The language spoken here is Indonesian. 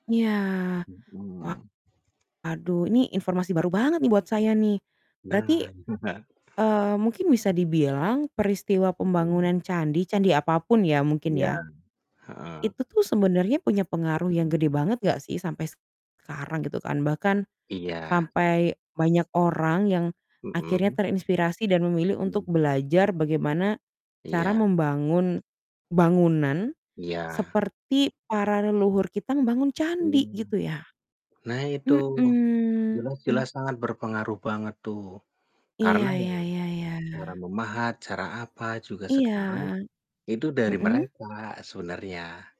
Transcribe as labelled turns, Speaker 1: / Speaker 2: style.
Speaker 1: Iya.
Speaker 2: Mhm.
Speaker 1: Waduh, ini informasi baru banget nih buat saya nih. Berarti,
Speaker 2: Nah.
Speaker 1: eee, mungkin bisa dibilang peristiwa
Speaker 2: Mhm.
Speaker 1: pembangunan candi, candi apapun ya mungkin
Speaker 2: Iya,
Speaker 1: ya
Speaker 2: heeh.
Speaker 1: itu tuh sebenarnya punya pengaruh yang gede
Speaker 2: Mhm.
Speaker 1: banget nggak sih sampai sekarang gitu kan, bahkan
Speaker 2: Iya.
Speaker 1: sampai banyak orang yang akhirnya
Speaker 2: Mhm.
Speaker 1: terinspirasi dan memilih untuk
Speaker 2: Mmm.
Speaker 1: belajar bagaimana cara
Speaker 2: Iya.
Speaker 1: membangun bangunan
Speaker 2: Iya.
Speaker 1: seperti para leluhur kita membangun candi,
Speaker 2: Mmm.
Speaker 1: gitu ya.
Speaker 2: Nah itu,
Speaker 1: Mhm.
Speaker 2: jelas-jelas sangat berpengaruh banget tuh,
Speaker 1: Iya,
Speaker 2: karena ya
Speaker 1: ya ya
Speaker 2: cara
Speaker 1: ya.
Speaker 2: memahat, cara apa, juga sekarang
Speaker 1: Iya.
Speaker 2: itu dari
Speaker 1: Mhm.
Speaker 2: mereka sebenarnya.